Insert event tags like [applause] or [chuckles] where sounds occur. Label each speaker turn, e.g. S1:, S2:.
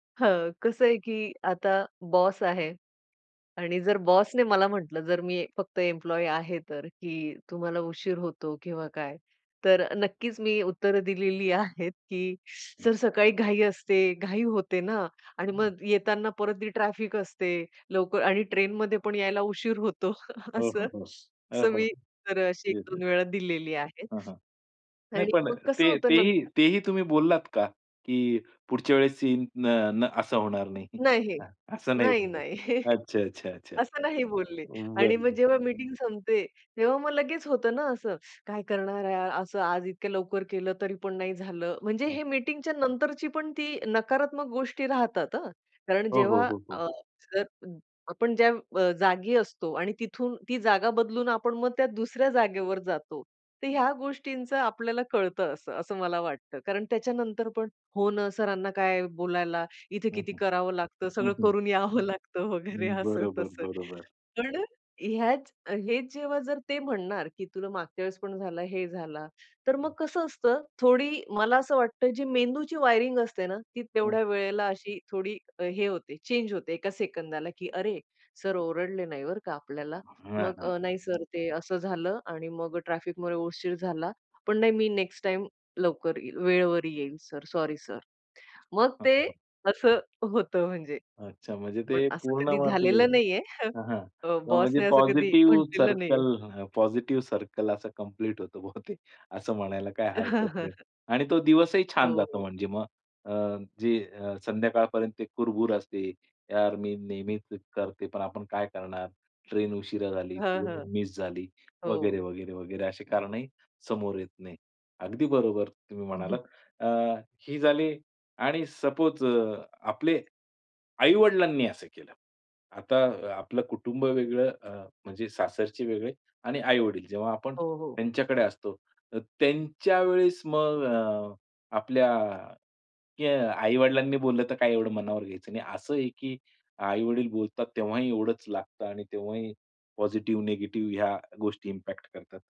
S1: हं, कसं आहे की आता बॉस आहे आणि जर बॉसने मला म्हटलं, जर मी फक्त एम्प्लॉयी आहे तर, की तुम्हाला उशीर होतो किंवा काय? तर नक्कीच मी उत्तरं दिलेली आहेत, की "सर, सकाळी घाई असते, घाई होते ना आणि मग येताना परत ती ट्रॅफिक असते लवकर आणि ट्रेनमध्ये पण यायला उशीर होतो." [chuckles]
S2: हो, हो,
S1: असं
S2: हो. अ,
S1: असं
S2: हो, हो.
S1: मी तर अशी एक
S2: येस, येस.
S1: दोन वेळा दिलेली आहे.
S2: हां, हां, नाही
S1: आणि
S2: पण
S1: मग कसं
S2: ते
S1: होतं
S2: तेही
S1: नंतर
S2: तेही तुम्ही बोललात का, की पुढच्या वेळेस सीन न न असं होणार नाही.
S1: नाही,
S2: [chuckles] असं नाही
S1: नाही,
S2: बोललात.
S1: नाही. [chuckles]
S2: अच्छा, अच्छा, अच्छा. अ,
S1: असं नाही बोलले आणि मग
S2: बरं.
S1: जेव्हा मीटिंग संपते. तेव्हा मग लगेच होतं ना असं, काय करणार आहे असं, आज इतक्या लवकर केलं तरीपण नाही झालं. म्हणजे
S2: हां.
S1: हे मीटिंगच्या नंतरची पण ती नकारात्मक गोष्टी राहतात. हं, कारण
S2: हो, हो,
S1: जेव्हा
S2: हो, हो.
S1: अ, जर आपण ज्या अ, जागी असतो आणि तिथून ती जागा बदलून आपण मग त्या दुसऱ्या जागेवर जातो. तर ह्या गोष्टींचं आपल्याला कळतं असं, असं मला वाटतं. कारण त्याच्यानंतर पण हो ना, सरांना काय आहे बोलायला, इथे
S2: हं,
S1: किती
S2: हं,
S1: करावं लागतं,
S2: हं,
S1: सगळं
S2: हं.
S1: करून यावं लागतं
S2: अ,
S1: वगैरे, असं
S2: बरोबर,
S1: तसं.
S2: बरोबर.
S1: पण ह्याच हेच जेव्हा जर ते म्हणणार की "तुला मागच्या वेळेस पण झाला, हे झाला," तर मग कसं असतं थोडी मला असं वाटतं जी मेंदूची वायरिंग असते ना ती
S2: हं.
S1: तेवढ्या वेळेला अशी थोडी हे होते, चेंज होते एका सेकंदाला की अरे, सर ओरडले नाही बरं का आपल्याला?
S2: हां,
S1: मग
S2: हां.
S1: अ, नाही सर ते असं झालं आणि मग अ, ट्रॅफिकमध्ये उशीर झाला, पण नाही मी नेक्स्ट टाईम लवकर येईल, वेळेवर येईल सर, सॉरी सर. अ, मग ते असं होतं, म्हणजे
S2: अच्छा, म्हणजे
S1: पण
S2: ते
S1: असं
S2: पूर्ण ते
S1: कधी
S2: वाचले
S1: झालेलं नाहीये. [chuckles]
S2: हं, हां,
S1: अ,
S2: किंवा म्हणजे
S1: बॉसने असं कधी
S2: पॉझिटिव्ह
S1: म्हटलेलं नाहीये.
S2: सर्कल अ, पॉझिटिव्ह सर्कल असं कम्प्लीट होतं बहुतेक. [chuckles] असं म्हणायला काही हरकत नाही
S1: [chuckles]
S2: आणि तो दिवसही
S1: हो,
S2: छान जातो
S1: हो.
S2: म्हणजे मग. अ, जे अ, संध्याकाळपर्यंत ते कुरबूर असते, "यार, मी नेहमीच करते, पण आपण काय करणार, ट्रेन उशिरा झाली
S1: हं,
S2: किंवा
S1: हं.
S2: मिस झाली,"
S1: हो.
S2: वगैरे-वगैरे-वगैरे, अशी कारणंही समोर येत नाही. अगदी बरोबर तुम्ही म्हणालात.
S1: हं.
S2: अ, ही झाली आणि सपोज अ, आपले, आई-वडिलांनी असं केलं. आता आपलं कुटुंब वेगळं, अ, म्हणजे सासरचे वेगळे आणि आई-वडील जेव्हा आपण
S1: हो, हो.
S2: त्यांच्याकडे असतो, त्यांच्यावेळेस मग अ, आपल्या क्या आई-वडिलांनी बोललं, तर काय एवढं मनावर घ्यायचं नाही. असं आहे की आई-वडील बोलतात तेव्हाही एवढंच लागतं आणि तेव्हाही पॉझिटिव्ह, निगेटिव्ह ह्या गोष्टी इम्पॅक्ट करतात.